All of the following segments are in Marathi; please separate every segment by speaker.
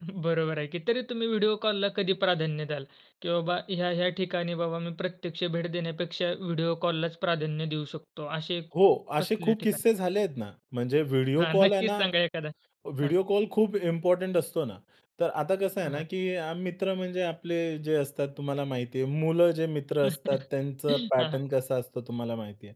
Speaker 1: बरोबर आहे की. तरी तुम्ही व्हिडिओ कॉलला कधी प्राधान्य द्याल की, "बाबा, ह्या-ह्या ठिकाणी, बाबा, मी प्रत्यक्ष भेट देण्यापेक्षा व्हिडिओ कॉललाच प्राधान्य देऊ शकतो," असे
Speaker 2: हो. असे
Speaker 1: कसल्या
Speaker 2: खूप
Speaker 1: ठिकाणी?
Speaker 2: किस्से झाले आहेत ना. म्हणजे व्हिडिओ
Speaker 1: हां.
Speaker 2: कॉल आहे
Speaker 1: नक्कीच
Speaker 2: ना,
Speaker 1: सांगा एखादा. हां.
Speaker 2: व्हिडिओ कॉल खूप इम्पोर्टंट असतो ना. तर आता कसं
Speaker 1: अ,
Speaker 2: आहे ना
Speaker 1: हां.
Speaker 2: की, मित्र म्हणजे आपले जे असतात, तुम्हाला माहिती आहे, मुलं जे मित्र असतात त्यांचा
Speaker 1: हां, हां.
Speaker 2: पॅटर्न कसा असतो, तुम्हाला माहिती आहे.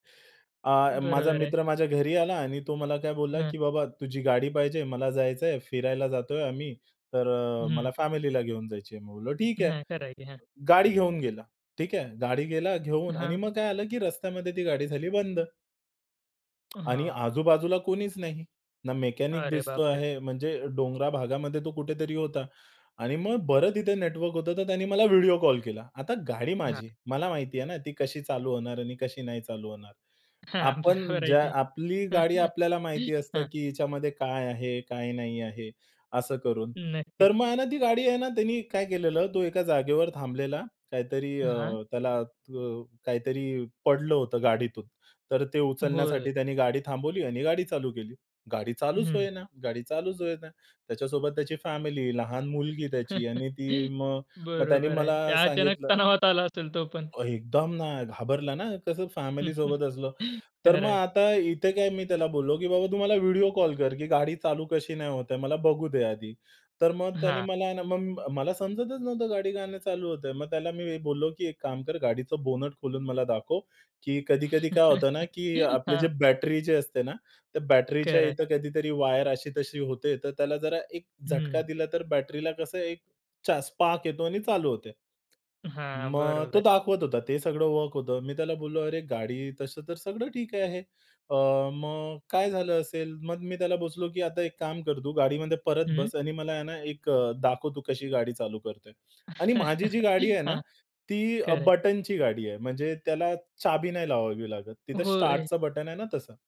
Speaker 2: अ, माझा
Speaker 1: बरोबर आहे.
Speaker 2: मित्र माझ्या घरी आला, आणि तो मला काय बोलला
Speaker 1: हं.
Speaker 2: की, "बाबा, तुझी गाडी पाहिजे, मला जायचं आहे, फिरायला जातोय आम्ही." तर अ,
Speaker 1: हं.
Speaker 2: मला फॅमिलीला घेऊन जायची आहे. मी बोललो, "ठीक आहे." अ,
Speaker 1: नाही. खरं आहे की. हां.
Speaker 2: गाडी घेऊन गेला. ठीक आहे, गाडी गेला घेऊन आणि
Speaker 1: हां.
Speaker 2: मग काय झालं की, रस्त्यामध्ये ती गाडी झाली बंद. आणि
Speaker 1: हां.
Speaker 2: आजूबाजूला कुणीच नाही. ना मेकॅनिक
Speaker 1: अरे
Speaker 2: दिसतो
Speaker 1: बाप रे!
Speaker 2: आहे, म्हणजे डोंगराळ भागामध्ये तो कुठेतरी होता आणि मग बरं तिथे नेटवर्क होतं तर त्याने मला व्हिडिओ कॉल केला. आता गाडी
Speaker 1: हां.
Speaker 2: माझी. मला माहिती आहे ना ती कशी चालू होणार आणि कशी नाही चालू होणार.
Speaker 1: हां.
Speaker 2: आपण
Speaker 1: बरोबर आहे
Speaker 2: ज्या
Speaker 1: की.
Speaker 2: आपली गाडी आपल्याला माहिती असतं
Speaker 1: हां.
Speaker 2: की हिच्यामध्ये काय आहे, काय नाही आहे. असं करून.
Speaker 1: नक्कीच.
Speaker 2: तर मग आहे ना ती गाडी आहे ना त्यांनी काय केलेलं तो एका जागेवर थांबलेला काहीतरी अ,
Speaker 1: हां.
Speaker 2: त्याला त्व काहीतरी पडलं होतं गाडीतून. तर ते
Speaker 1: होय.
Speaker 2: उचलण्यासाठी त्याने गाडी थांबवली आणि गाडी चालू केली. गाडी चालूच
Speaker 1: हं.
Speaker 2: होईना. गाडी चालूच होईना. त्याच्यासोबत त्याची फॅमिली, लहान मुलगी त्याची आणि ती मग, मग त्याने
Speaker 1: बरोबर आहे.
Speaker 2: मला
Speaker 1: त्या अचानक
Speaker 2: सांगितलं.
Speaker 1: तणावात आला असेल तो पण.
Speaker 2: एकदम ना घाबरला ना, कसं फॅमिली सोबत असलं. तर मग
Speaker 1: खरं आहे.
Speaker 2: आता इथे काय, मी त्याला बोललो की, "बाबा, तू मला व्हिडिओ कॉल कर, की गाडी चालू कशी नाही होत आहे. मला बघू दे आधी." तर मग त्याने
Speaker 1: हां.
Speaker 2: मला ना, मग मला समजतच नव्हतं गाडी का नाही चालू होतंय. मग त्याला मी बोललो की, "एक काम कर, गाडीचं बोनेट खोलून मला दाखव. की कधी-कधी काय होतं ना, की आपलं जे
Speaker 1: हां.
Speaker 2: बॅटरी जे असते ना, त्या बॅटरीच्या
Speaker 1: खरं आहे.
Speaker 2: इथं कधीतरी वायर अशी-तशी होते. तर त्याला जरा एक झटका
Speaker 1: हं.
Speaker 2: दिला, तर बॅटरीला कसं एक चा स्पार्क येतो आणि चालू होते."
Speaker 1: अ, हां.
Speaker 2: मग तो
Speaker 1: बरोबर.
Speaker 2: दाखवत होता. ते सगळं वर्क होतं. मी त्याला बोललो, "अरे, गाडी तसं तर सगळं ठीक आहे. अ, मग काय झालं असेल?" मग मी त्याला बोललो की, "आता एक काम कर, तू गाडीमध्ये परत
Speaker 1: हं.
Speaker 2: बस, आणि मला आहे ना, एक दाखव तू कशी गाडी चालू करतोय." आणि माझी जी गाडी आहे ना,
Speaker 1: हां.
Speaker 2: ती अ,
Speaker 1: खरं आहे.
Speaker 2: बटनची गाडी आहे. म्हणजे त्याला चाबी नाही लावावी लागत. तिथं
Speaker 1: होय.
Speaker 2: स्टार्टचं बटन आहे ना तसं.